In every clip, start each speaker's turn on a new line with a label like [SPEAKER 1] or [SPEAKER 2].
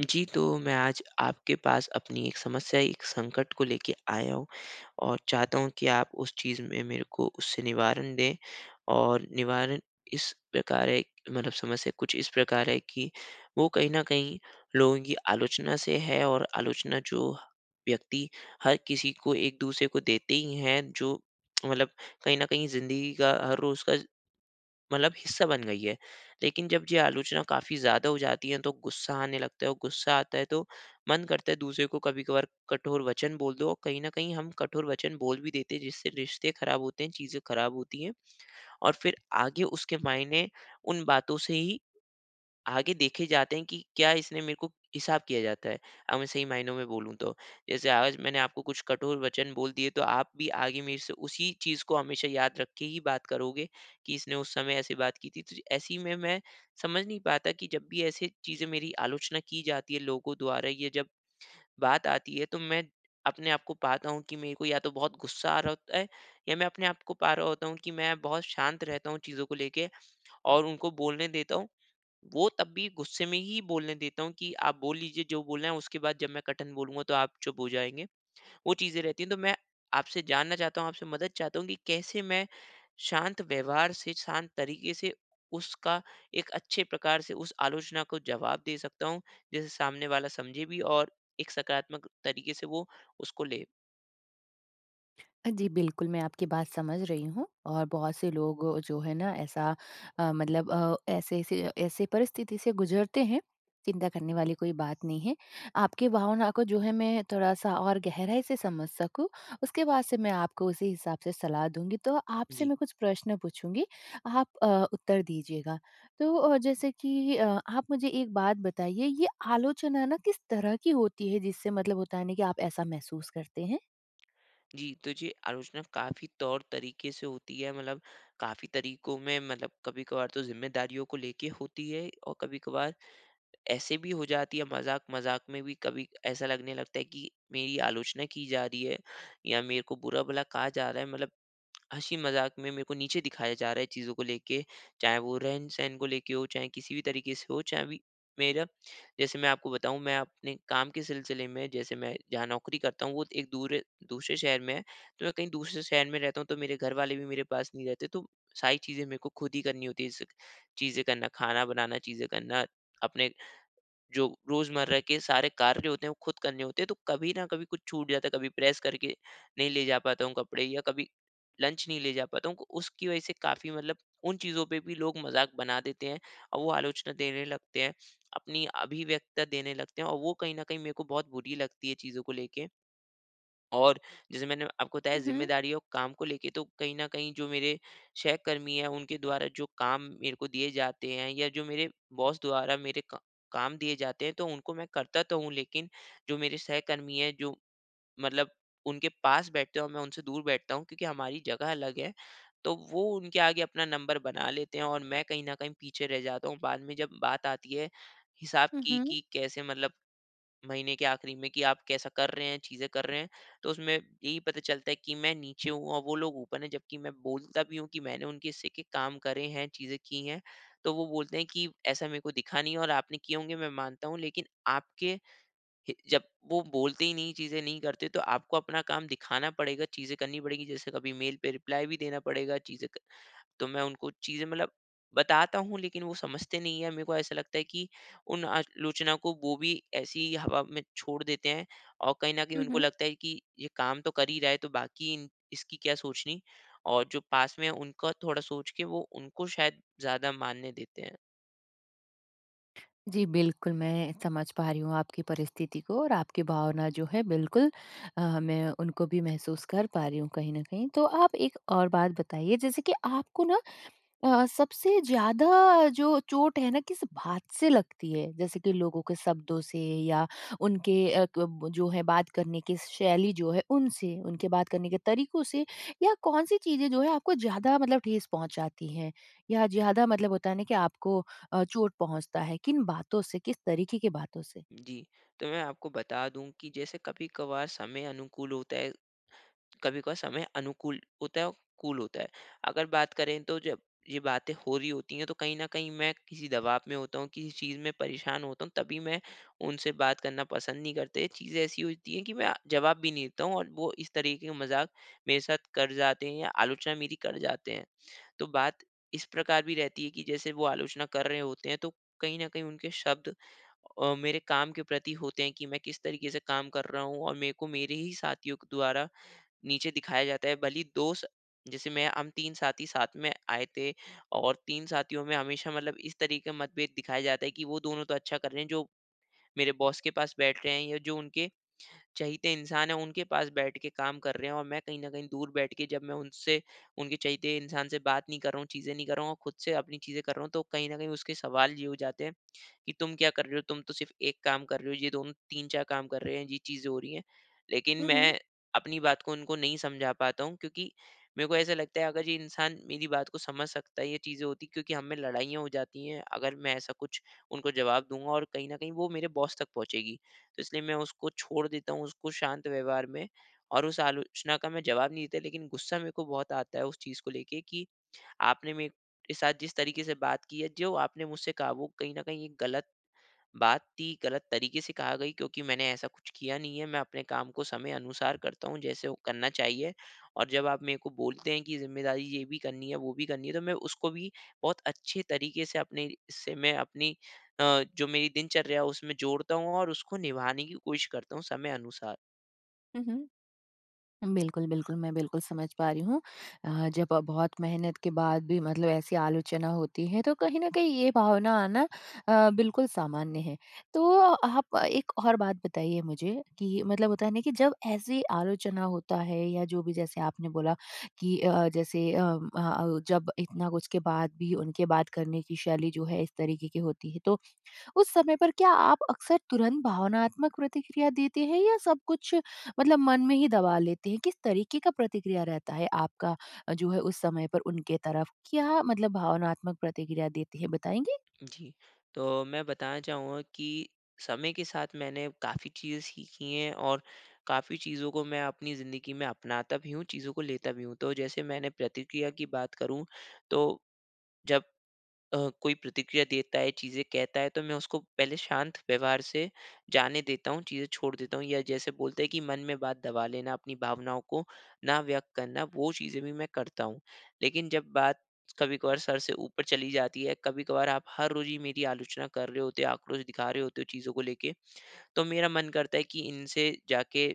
[SPEAKER 1] जी, तो मैं आज आपके पास अपनी एक समस्या, एक संकट को लेके आया हूँ, और चाहता हूँ कि आप उस चीज़ में मेरे को उससे निवारण दें। और निवारण इस प्रकार है मतलब समस्या कुछ इस प्रकार है कि वो कहीं न कहीं लोगों की आलोचना से है और आलोचना जो व्यक्ति हर किसी को एक दूसरे को देते ही हैं। जो मतलब कहीं न कहीं ज़िंदगी का, हर रोज़ का मतलब हिस्सा बन गई है। लेकिन जब ये आलोचना काफ़ी ज़्यादा हो जाती हैं तो गुस्सा आने लगता है और गुस्सा आता है तो मन करता है दूसरे को कभी-कभार कठोर वचन बोल दो और कहीं न कहीं हम कठोर वचन बोल भी देते हैं जिससे रिश्ते खराब होते हैं, चीज़ें खराब होती हैं। और फिर आगे उसके मायने उन बातों से ही आगे देखे जाते हैं कि क्या इसने मेरे को हिसाब किया जाता है। अब मैं सही मायनो में बोलूँ तो, जैसे आज मैंने आपको कुछ कठोर वचन बोल दिए तो आप भी आगे मेरे से उसी चीज़ को हमेशा याद रख के ही बात करोगे कि इसने उस समय ऐसे बात की थी। तो जी ऐसी में मैं समझ नहीं पाता कि जब भी ऐसे चीज़ें मेरी आलोचना की जाती है लोगों द्वारा ये जब बात आती है तो मैं अपने आपको पाता हूँ कि मेरे को या तो बहुत गुस्सा आ रहा होता है, या मैं अपने आपको पा रहा होता हूँ कि मैं बहुत शांत रहता हूँ चीज़ों को लेके, और उनको बोलने देता हूँ। वो तब भी गुस्से में ही बोलने देता हूँ कि आप बोल लीजिए जो बोलना है उसके बाद जब मैं कठिन बोलूँगा तो आप चुप हो जाएँगे, वो चीज़ें रहती है। तो मैं आपसे जानना चाहता हूँ, आपसे मदद चाहता हूँ कि कैसे मैं शांत व्यवहार से, शांत तरीक़े से, उसका एक अच्छे प्रकार से उस आलोचना को जवाब दे सकता हूँ? जैसे सामने वाला समझे भी और एक सकारात्मक तरीक़े से वो उसको ले।
[SPEAKER 2] अ, जी बिल्कुल मैं आपकी बात समझ रही हूँ, और बहुत से लोग जो है ना ऐसा अ, मतलब अ, ऐसे ऐसे ऐसे परिस्थिति से गुजरते हैं, चिंता करने वाली कोई बात नहीं है। आपकी भावनाओं को जो है मैं थोड़ा-सा और गहराई से समझ सकूँ उसके बाद से मैं आपको उसी हिसाब से सलाह दूँगी तो आपसे
[SPEAKER 1] जी।
[SPEAKER 2] मैं कुछ प्रश्न पूछूँगी आप अ, उत्तर दीजिएगा तो अ, जैसे कि अ आप मुझे एक बात बताइए ये आलोचना ना किस तरह की होती है जिससे मतलब होता है नहीं कि आप ऐसा महसूस करते हैं?
[SPEAKER 1] जी, तो जी आलोचना काफ़ी तौर-तरीके से होती है मतलब काफ़ी तरीकों में मतलब कभी-कभार तो जिम्मेदारियों को लेके होती है, और कभी-कभार ऐसे भी हो जाती है मज़ाक-मज़ाक में भी कभी ऐसा लगने लगता है कि मेरी आलोचना की जा रही है, या मेरे को बुरा-भला कहा जा रहा है मतलब हँसी-मज़ाक में मेरे को नीचे दिखाया जा रहा है चीज़ों को लेके। चाहे वो रहन-सहन को लेके हो चाहे किसी भी तरीक़े से हो चाहे भी मेरा जैसे मैं आपको बताऊँ मैं अपने काम के सिलसिले में जैसे मैं जहाँ नौकरी करता हूँ वो एक दूर, दूसरे शहर में है तो मैं कहीं दूसरे शहर में रहता हूँ तो मेरे घर वाले भी मेरे पास नहीं रहते तो सारी चीज़ें मेरे को खुद ही करनी होती है जैसे चीज़ें करना खाना बनाना, चीज़ें करना, अपने जो रोज़मर्रा के सारे कार्य होते हैं वो खुद करने होते हैं तो कभी न कभी कुछ छूट जाता है कभी प्रेस करके नहीं ले जा पाता हूँ कपड़े, या कभी लंच नहीं ले जा पाता हूँ उ उसकी वजह से काफ़ी मतलब उन चीज़ों पे भी लोग मज़ाक बना देते हैं और वो आलोचना देने लगते हैं, अपनी अभिव्यक्ता देने लगते हैं और वो कहीं न कहीं मेरे को बहुत बुरी लगती है चीज़ों को लेके। और जैसे मैंने आपको बताया
[SPEAKER 2] उहुँ।
[SPEAKER 1] ज़िम्मेदारी और काम को लेके, तो कहीं न कहीं जो मेरे सहकर्मी हैं उनके द्वारा जो काम मेरे को दिए जाते हैं, या जो मेरे बॉस द्वारा मेरे क काम दिए जाते हैं तो उनको मैं करता तो हूँ लेकिन जो मेरे सहकर्मी हैं जो मतलब उनके पास बैठते हैं और मैं उनसे दूर बैठता हूँ। क्योंकि हमारी जगह अलग है तो वो उनके आगे अपना नंबर बना लेते हैं और मैं कहीं न कहीं पीछे रह जाता हूँ। बाद में जब बात आती है हिसाब
[SPEAKER 2] हुँ,
[SPEAKER 1] की,
[SPEAKER 2] हुँ।
[SPEAKER 1] कि कैसे मतलब, महीने के आखिरी में कि आप कैसा कर रहे हैं चीज़े कर रहे हैं तो उसमें यही पता चलता है कि मैं नीचे हूँ और वो लोग ऊपर है जबकी मैं बोलता भी हूँ की मैंने उनके हिस्से के काम करे हैं चीज़े की हैं तो वो बोलते हैं कि, "ऐसा मेरे को दिखा नहीं है और आपने किए होंगे मैं मानता हूँ लेकिन आपके हे जब वो बोलते ही नहीं चीज़े नहीं करते तो आपको अपना काम दिखाना पड़ेगा चीज़े करनी पड़ेगी जैसे कभी मेल पे रिप्लाई भी देना पड़ेगा चीज़े क तो मैं उनको चीज़े मतलब बताता हूँ। लेकिन वो समझते नहीं है मेरे को ऐसा लगता है की उन आलोचना को वो भी ऐसे ही हवा में छोड़ देते हैं और कहीं न कहीं
[SPEAKER 2] हुँ,
[SPEAKER 1] उनको
[SPEAKER 2] हुँ।
[SPEAKER 1] लगता है कि ये काम तो कर ही रहा है तो बाकी इसकी क्या सोचनी और जो पास में है उनका थोड़ा सोच के वो उनको शायद ज़्यादा मानने देते हैं।
[SPEAKER 2] जी बिल्कुल, मैं समझ पा रही हूँ आपकी परिस्थिति को और आपकी भावना जो है बिल्कुल। अ, मैं उनको भी महसूस कर पा रही हूँ कहीं न कहीं। तो आप एक और बात बताइए जैसे कि आपको ना अ अ, सबसे ज़्यादा जो चोट है ना किस बात से लगती है। जैसे कि लोगों के शब्दों से या उनके अ, क जो है बात करने की शैली जो है उनसे, उनके बात करने के तरीक़ों से या कौन सी चीज़ें जो हैं आपको ज़्यादा मतलब ठेस पहुँचाती हैं या ज़्यादा मतलब होता है ना कि आपको अ, चोट पहुँचता है किन बातों से, किस तरीक़े की बातों से?
[SPEAKER 1] जी। तो मैं आपको बता दूँ कि जैसे कभी-कभार समय अनुकूल होता है कभी-कभार समय अनुकूल होता है अ, कूल होता है। अगर बात करें तो जब ये बातें हो रही होती है तो कहीं न कहीं मैं किसी दबाव में होता हूँ। किसी चीज़ में परेशान होता हूँ तभी मैं उनसे बात करना पसंद नहीं करते। चीज़ें ऐसी होती है कि मैं जवाब भी नहीं देता हूँ। और वो इस तरीक़े का मज़ाक मेरे साथ कर जाते हैं या आलोचना मेरी कर जाते हैं। तो बात इस प्रकार भी रहती है कि जैसे वो आलोचना कर रहे होते हैं तो कहीं न कहीं उनके शब्द अ, मेरे काम के प्रति होते है की मैं किस तरीक़े से काम कर रहा हूँ। और मेरे को मेरे ही साथियों के द्वारा नीचे दिखाया जाता है भले ही दोस्त जैसे मैं हम 3 साथी साथ में आये थे। और तीन साथियों में हमेशा मतलब इस तरीक़े मतभेद दिखाया जाता है की वो दोनों तो अच्छा कर रहे हैं जो मेरे बॉस के पास बैठ रहे है, या जो उनके चहिते इंसान है उनके पास बैठ के काम कर रहे हैं। और मैं कहीं न कहीं दूर बैठ के जब मैं उनसे उनके चहिते इंसान से बात नहीं कर रहा हूँ चीज़ें नहीं कर रहा हूँ, और खुद से अपनी चीज़ें कर रहा हूँ तो कहीं न कहीं उसके सवाल ये हो जाते है कि तुम क्या कर रहे हो? तुम तो सिर्फ़ एक काम कर रहे हो, ये दोनों 3-4 काम कर रहे हैं ये चीज़ें हो रही है। लेकिन
[SPEAKER 2] हुँ, हुँ।
[SPEAKER 1] मैं अपनी बात को उनको नहीं समझा पाता हूँ क्योंकि, मेरे को ऐसा लगता है अगर ये इंसान मेरी बात को समझ सकता है ये चीज़े होती है क्योंकि हम में लड़ाइयाँ हो जाती है अगर मैं ऐसा कुछ उनको जवाब दूँगा और कहीं न कहीं वो मेरे बॉस तक पहुँचेगी। तो इसलिए मैं उसको छोड़ देता हूँ उसको शांत व्यवहार में और उस आलोचना का मैं जवाब नहीं देता लेकिन गुस्सा मेरे को बहुत आता है उस चीज़ को लेके कि आपने मेरे साथ जिस तरीक़े से बात की है जो आपने मुझसे काबू कहीं न कहीं ये ग़लत, बात थी ग़लत तरीक़े से कहा गयी क्योंकि मैंने ऐसा कुछ किया नहीं है। मैं अपने काम को समय अनुसार करता हूँ जैसे वो करना चाहिए। और जब आप मेरे को बोलते हैं कि ज़िम्मेदारी ये भी करनी है, वो भी करनी है तो मैं उसको भी बहुत अच्छे तरीक़े से अपने से मैं अपनी अ, जो मेरी दिनचर्या है। उसमें जोड़ता हूँ और उसको निभाने की कोशिश करता हूँ समय अनुसार।
[SPEAKER 2] हुँ, हुँ। बिल्कुल, बिल्कुल मैं बिल्कुल समझ पा रही हूँ अ, जब बहुत मेहनत के बाद भी मतलब ऐसी आलोचना होती है तो कहीं न कहीं ये भावना आना अ, बिल्कुल सामान्य है। तो आप एक और बात बताइए मुझे कि मतलब होता है ना? कि जब ऐसी आलोचना होता है या जो भी जैसे आपने बोला कि अ, जैसे अम अ अ, जब इतना कुछ बाद भी उनके बात करने की शैली जो है इस तरीके की होती है तो, उस समय पर क्या आप अक्सर तुरंत भावनात्मक प्रतिक्रिया देते हैं या सब कुछ मतलब मन में ही दबा लेते हैं, किस तरीके का प्रतिक्रिया रहता है आपका अ, जो है उस समय पर उनके तरफ? क्या मतलब भावनात्मक प्रतिक्रिया देते हैं बताएंगी?
[SPEAKER 1] जी, तो मैं बताना चाहूँगा कि समय के साथ मैंने काफ़ी चीज़ें सीखी हैं, और काफ़ी चीज़ों को मैं अपनी ज़िंदगी में अपनाता भी हूँ चीज़ों को लेता भी हूँ। तो जैसे मैंने प्रतिक्रिया की बात करूँ तो जब अ, कोई प्रतिक्रिया देता है चीज़ें कहता है तो मैं उसको पहले शांत व्यवहार से जाने देता हूँ चीज़ें छोड़ देता हूँ। या जैसे बोलते हैं कि मन में बात दबा लेना अपनी भावनाओं को ना व्यक्त करना वो चीज़ें भी मैं करता हूँ। लेकिन जब बात कभी-कभार सर से ऊपर चली जाती है, कभी-कभार आप हर रोज ही मेरी आलोचना कर रहे होते आक्रोश दिखा रहे होते हो चीज़ों को लेके, तो मेरा मन करता है की इनसे जाके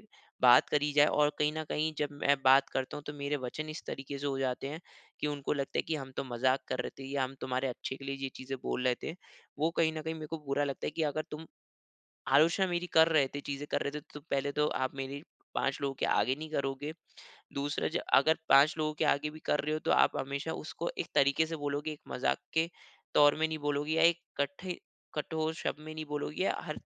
[SPEAKER 1] बात करी जाए और कहीं न कहीं जब मैं बात करता हूँ। तो मेरे वचन इस तरीके से हो जाते हैं की उनको लगता है की हम तो मज़ाक कर रहे थे या हम तुम्हारे अच्छे के लिए ये चीज़ें बोल रहे थे, वो कहीं न कहीं मैं को बुरा लगता है की अगर तुम आलोचना मेरी कर रहे थे चीज़ें कर रहे थे तो पहले तो आप मेरी 5 लोगों के आगे नहीं करोगे, दूसरा अगर 5 लोगों के आगे भी कर रहे हो तो आप हमेशा उसको एक तरीके से बोलोगे एक मज़ाक के तौर में नहीं बोलोगे या एक कट्ठे कठोर शब्द में नहीं बोलोगी या हर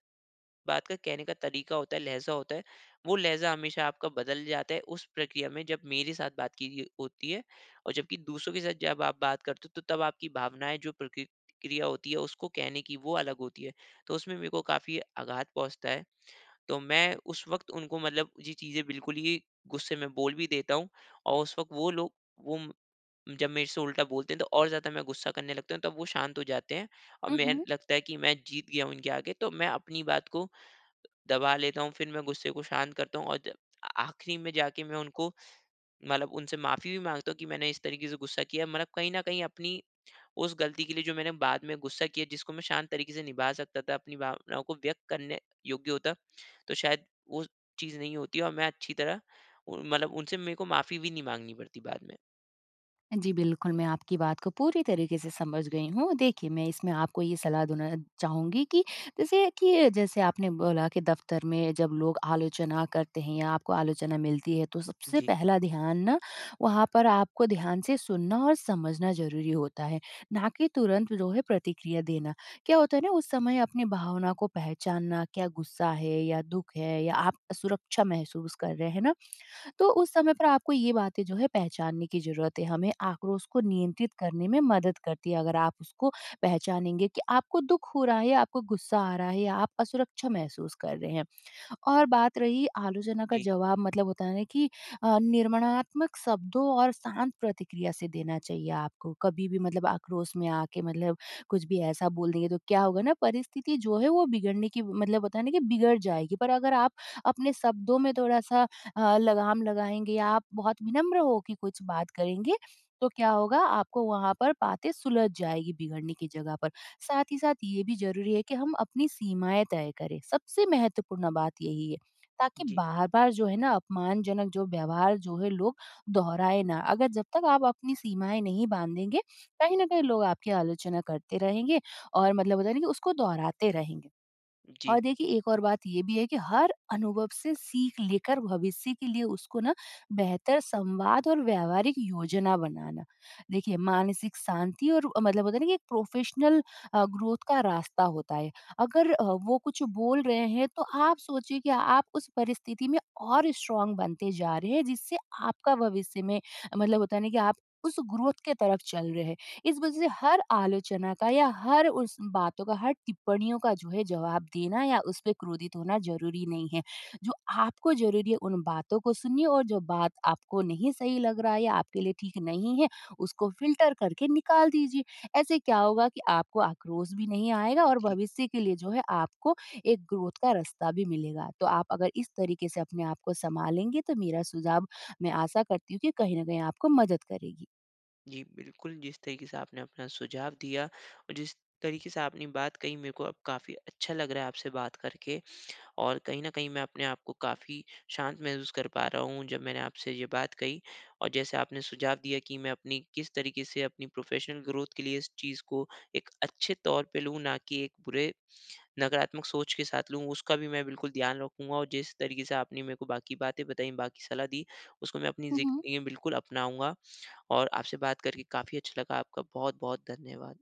[SPEAKER 1] बात का कहने का तरीका होता है लहजा होता है वो लहजा हमेशा आपका बदल जाता है उस प्रक्रिया में जब मेरे साथ बात की र होती है। और जब की दूसरों के साथ जब आप बात करते हो तो तब आपकी भावनाएँ जो प्रक्रिया होती है उसको कहने की वो अलग होती है तो उसमें मेको काफ़ी आघात पहुँचता है। तो मैं उस वक़्त उनको मतलब ये चीज़ें बिल्कुल ही गुस्से में बोल भी देता हूँ और उस वक़्त वो लोग वो म जब मेरे से उल्टा बोलते हैं तो और ज़्यादा मैं गुस्सा करने लगता हूँ तब वो शांत हो जाते हैं, और
[SPEAKER 2] हुँ,
[SPEAKER 1] मैं
[SPEAKER 2] हुँ।
[SPEAKER 1] लगता है कि मैं जीत गया हूँ इनके आगे तो मैं अपनी बात को दबा लेता हूँ फिर मैं गुस्से को शांत करता हूँ और ज आखिरी में जाके मैं उनको मतलब उनसे माफ़ी भी माँगता हूँ की मैंने इस तरीके से गुस्सा किया मतलब कहीं न कहीं अपनी उस गलती के लिए जो मैंने बाद में गुस्सा किया जिसको मैं शांत तरीके से निभा सकता था अपनी भावनाओं को व्यक्त करने योग्य होता तो शायद वो चीज़ें नहीं होती और मैं अच्छी तरह मतलब उनसे मेरे को माफ़ी भी नहीं माँगनी पड़ती बाद में।
[SPEAKER 2] हाँ जी, बिल्कुल। मैं आपकी बात को पूरी तरीके से समझ गई हूँ। देखिए, मैं इसमें आपको ये सलाह देना चाहूँगी कि जैसे कि जैसे आपने बोला कि दफ़्तर में जब लोग आलोचना करते हैं या आपको आलोचना मिलती है तो सबसे
[SPEAKER 1] जी।
[SPEAKER 2] पहला ध्यान ना वहाँ पर आपको ध्यान से सुनना और समझना ज़रूरी होता है, ना कि तुरंत जो है प्रतिक्रिया देना। क्या होता है ना उस समय अपने भावना को पहचानना क्या गुस्सा है या दुःख है या आप सुरक्षा महसूस कर रहे हैं ना? तो उस समय पर आपको ये बातें जो है पहचानने की ज़रूरत है, हमें आक्रोश को नियंत्रित करने में मदद करती है। अगर आप उसको पहचानेंगे कि आपको दुःख हो रहा है या आपको गुस्सा आ रहा है या आप असुरक्षा महसूस कर रहे हैं और बात रही आलोचना का
[SPEAKER 1] जी।
[SPEAKER 2] जवाब मतलब होता है ना कि अ, निर्माणात्मक शब्दों और शांत प्रतिक्रिया से देना चाहिए आपको। कभी भी मतलब आक्रोश में आके मतलब कुछ भी ऐसा बोल देंगे तो क्या होगा ना परिस्थिति जो है वो बिगड़ने की मतलब होता है ना कि बिगड़ जाएगी। पर अगर आप अपने शब्दों में थोड़ा-सा अ, लगाम लगाएँगे या आप बहुत विनम्र हो के कुछ बात करेंगे तो क्या होगा आपको वहाँ पर बातें सुलझ जाएगी बिगड़ने की जगह पर। साथ ही साथ ये भी ज़रूरी है कि हम अपनी सीमाएँ तय करें, सबसे महत्वपूर्ण बात यही है ताकि
[SPEAKER 1] जी।
[SPEAKER 2] बार-बार जो है ना अपमानजनक जो व्यवहार जो है लोग दोहराए ना। अगर जब तक आप अपनी सीमाएँ नहीं बाँधेंगे कहीं ना कहीं लोग आपकी आलोचना करते रहेंगे और मतलब होता है ना कि उसको दोहराते रहेंगे।
[SPEAKER 1] जी।
[SPEAKER 2] और देखिए एक और बात ये भी है कि हर अनुभव से सीख लेकर भविष्य के लिए उसको ना बेहतर संवाद और व्यावहारिक योजना बनाना। देखिए मानसिक शांति और अ, मतलब होता है ना कि एक प्रोफ़ेशनल अ, ग्रोथ का रास्ता होता है। अगर अ, वो कुछ बोल रहे हैं तो आप सोचिए कि आप उस परिस्थिति में और स्ट्रांग बनते जा रहे हैं जिससे आपका भविष्य में मतलब होता है ना कि आप उस ग्रोथ के तरफ चल रहे हैं। इस वजह से हर आलोचना का या हर उस बातों का, हर टिप्पणियों का जो है जवाब देना या उसपे क्रोधित होना ज़रूरी नहीं है। जो आपको ज़रूरी है उन बातों को सुनिए और जो बात आपको नहीं सही लग रहा है या आपके लिए ठीक नहीं है, उसको फ़िल्टर करके निकाल दीजिए। ऐसे क्या होगा कि आपको आक्रोश भी नहीं आएगा और
[SPEAKER 1] जी।
[SPEAKER 2] भविष्य के लिए जो है आपको एक ग्रोथ का रास्ता भी मिलेगा। तो आप अगर इस तरीके से अपने आप को सँभालेंगे तो मेरा सुझाव, मैं आशा करती हूँ कि कहीं ना कहीं आपको मदद करेगी।
[SPEAKER 1] जी बिल्कुल, जिस तरीके से आपने अपना सुझाव दिया और जिस तरीके से आपने बात कही मेरे को अब काफ़ी अच्छा लग रहा है आपसे बात करके। और कहीं न कहीं मैं अपने आप को काफ़ी शांत महसूस कर पा रहा हूँ जब मैंने आपसे ये बात कही। और जैसे आपने सुझाव दिया कि मैं अपनी किस तरीके से अपनी प्रोफेशनल ग्रोथ के लिए इस चीज़ को एक अच्छे तौर पे लूँ ना कि एक बुरे नकारात्मक सोच के साथ लूँ। उसका भी मैं बिल्कुल ध्यान रखूँगा और जिस तरीके से आपने मेरे को बाकी बातें बताई, बाकी सलाह दी उसको मैं अपनी
[SPEAKER 2] हुँ, हुँ।
[SPEAKER 1] ज़िंदगी बिल्कुल अपनाऊँगा। और आपसे बात करके काफ़ी अच्छा लगा आपका बहुत-बहुत धन्यवाद।